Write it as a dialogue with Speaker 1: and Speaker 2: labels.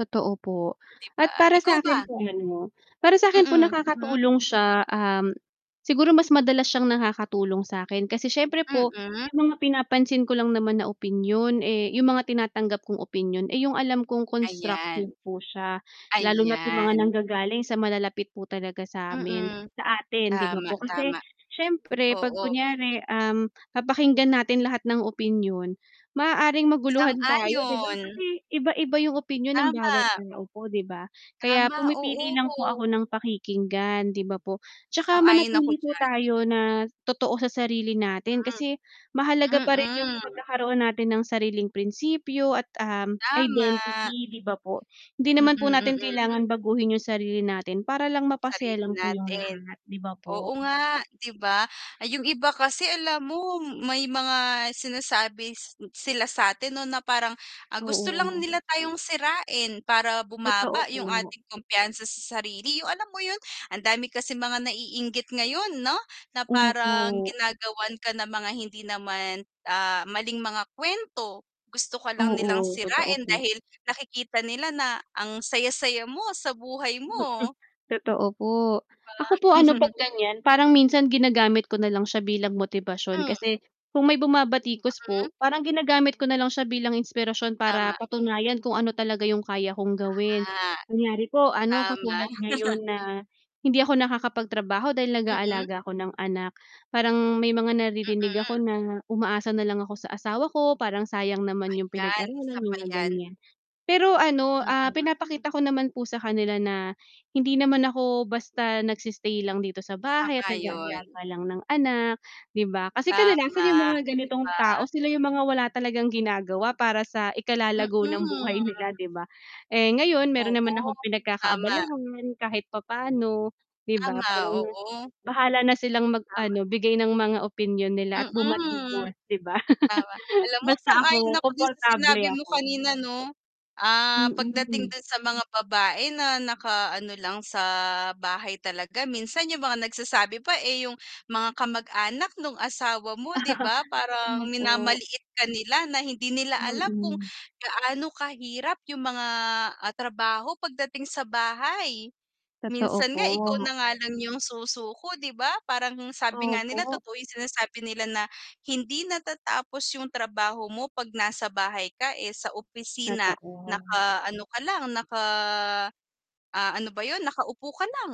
Speaker 1: Totoo po
Speaker 2: 'Di ba,
Speaker 1: at para
Speaker 2: ikaw ba?
Speaker 1: sa'kin po ano, para sa'kin po,
Speaker 2: Mm, mm.
Speaker 1: nakakatulong siya, um, siguro mas madalas siyang nakakatulong sa'kin, kasi siyempre po,
Speaker 2: Mm.
Speaker 1: 'yung mga pinapansin ko lang naman na opinyon, eh 'yung mga tinatanggap kong opinyon, eh, 'yung alam kong constructive
Speaker 2: Ayan.
Speaker 1: po siya. Lalo na't 'yung mga
Speaker 2: Ayan.
Speaker 1: nanggagaling sa malalapit po talaga sa'min
Speaker 2: Mm,
Speaker 1: sa atin 'di ba
Speaker 2: tama,
Speaker 1: po, kasi
Speaker 2: tama.
Speaker 1: siyempre 'pag
Speaker 2: Oo.
Speaker 1: kunyari, um, papakinggan natin lahat ng opinyon, maaaring maguluhan tayo 'di ba,
Speaker 2: Sang-ayon.
Speaker 1: kasi iba-iba 'yung opinyon ng bawat
Speaker 2: Tama.
Speaker 1: tao po, 'di ba? Kaya
Speaker 2: Tama,
Speaker 1: pumipili lang po
Speaker 2: oo.
Speaker 1: ako ng pakikinggan, 'di ba po, 'tsaka
Speaker 2: Sang-ayon ako
Speaker 1: manatili po
Speaker 2: diyan.
Speaker 1: tayo na totoo sa sarili natin, kasi mahalaga parin 'yung
Speaker 2: Mhm. Mm.
Speaker 1: pagkakaroon natin ng sariling prinsipyo at, um,
Speaker 2: Tama.
Speaker 1: identity 'di ba po? Hindi
Speaker 2: Mm,
Speaker 1: naman po natin
Speaker 2: mm.
Speaker 1: kailangan baguhin 'yung sarili natin para lang mapasaya
Speaker 2: Sarili
Speaker 1: lang po 'yung
Speaker 2: natin,
Speaker 1: lahat, 'di ba po.
Speaker 2: oo nga 'di ba. Yung iba kasi alam mo, may mga sinasabi s sila satin 'no, na parang, ang gusto lang
Speaker 1: Oo.
Speaker 2: nila tayong sirain, para
Speaker 1: Totoo
Speaker 2: bumaba yung
Speaker 1: po.
Speaker 2: ating kumpiyansa sa sarili, yung alam mo yun, ang dami kasing mga naiinggit ngayon 'no, na parang
Speaker 1: Opo.
Speaker 2: ginagawan ka ng mga hindi naman, ah, maling mga kuwento, gusto ka lang nilang
Speaker 1: Oo, totoo
Speaker 2: sirain,
Speaker 1: po.
Speaker 2: dahil nakikita nila na ang saya-saya mo sa buhay
Speaker 1: Mm,
Speaker 2: mo.
Speaker 1: totoo po,
Speaker 2: 'Di
Speaker 1: ako po
Speaker 2: ba?
Speaker 1: ano 'pag ganiyan, parang minsan ginagamit ko na lang siya bilang motibasyon,
Speaker 2: Hmm.
Speaker 1: kasi kung may bumabatikos
Speaker 2: Mm.
Speaker 1: po, parang ginagamit ko na lang siya bilang inspirasyon, para
Speaker 2: Tama.
Speaker 1: patunayan kung ano talaga 'yung kaya kong gawin.
Speaker 2: Ah,
Speaker 1: Kunyari po ano,
Speaker 2: tama.
Speaker 1: katulad ngayon na hindi ako nakakapagtrabaho dahil
Speaker 2: Mm.
Speaker 1: nag-aalaga ako ng anak, parang may mga naririnig ako
Speaker 2: Mm.
Speaker 1: na umaasa na lang ako sa asawa ko, parang sayang naman 'yung
Speaker 2: Ayan,
Speaker 1: pinag-aralan
Speaker 2: isa pa
Speaker 1: mga
Speaker 2: yan.
Speaker 1: ganiyan. Pero ano, ah,
Speaker 2: Mm.
Speaker 1: pinapakita ko naman po sa kanila na, hindi naman ako basta nagsi-stay lang dito sa bahay at
Speaker 2: Sang-ayon.
Speaker 1: nag-aalaga lang ng anak, 'di ba. Kasi kadalasan 'yung
Speaker 2: Tama,
Speaker 1: mga
Speaker 2: 'di
Speaker 1: ganitong
Speaker 2: ba?
Speaker 1: tao, sila 'yung mga wala talagang ginagawa para sa ikalalago ng
Speaker 2: Mm.
Speaker 1: buhay nila 'di ba? Eh, ngayon meron naman
Speaker 2: Oo,
Speaker 1: akong
Speaker 2: tama.
Speaker 1: pinagkakaabalahan kahit papaano, 'di ba,
Speaker 2: Tama,
Speaker 1: parang,
Speaker 2: oo.
Speaker 1: bahala na silang mag
Speaker 2: Tama.
Speaker 1: ano, bigay ng mga opinyon nila at
Speaker 2: Mm,
Speaker 1: bumatikos 'di ba.
Speaker 2: tama. Alam mo,
Speaker 1: Basta
Speaker 2: sang-ayon
Speaker 1: ako
Speaker 2: ako dun sa
Speaker 1: komportable
Speaker 2: sinabi mo
Speaker 1: ako.
Speaker 2: kanina no. Ah, pagdating
Speaker 1: Mm.
Speaker 2: dun sa mga babae na nakaano lang sa bahay talaga, minsan yung mga nagsasabi pa, eh, yung mga kamag-anak nung asawa mo, 'di, ba, parang,
Speaker 1: Ayon po.
Speaker 2: minamaliit ka nila na, hindi nila alam kung
Speaker 1: Mm.
Speaker 2: gaano kahirap yung mga, ah, trabaho pagdating sa bahay.
Speaker 1: Totoo
Speaker 2: Minsan nga, ikaw
Speaker 1: po.
Speaker 2: na nga lang yung susuko, 'di ba, parang sabi nga nila,
Speaker 1: Opo.
Speaker 2: totoo yung sinasabi nila na, "Hindi natatapos yung trabaho mo 'pag nasa bahay ka." Eh, sa opisina
Speaker 1: Totoo.
Speaker 2: naka-ano ka lang naka, ah, ano ba yun, nakaupo ka lang.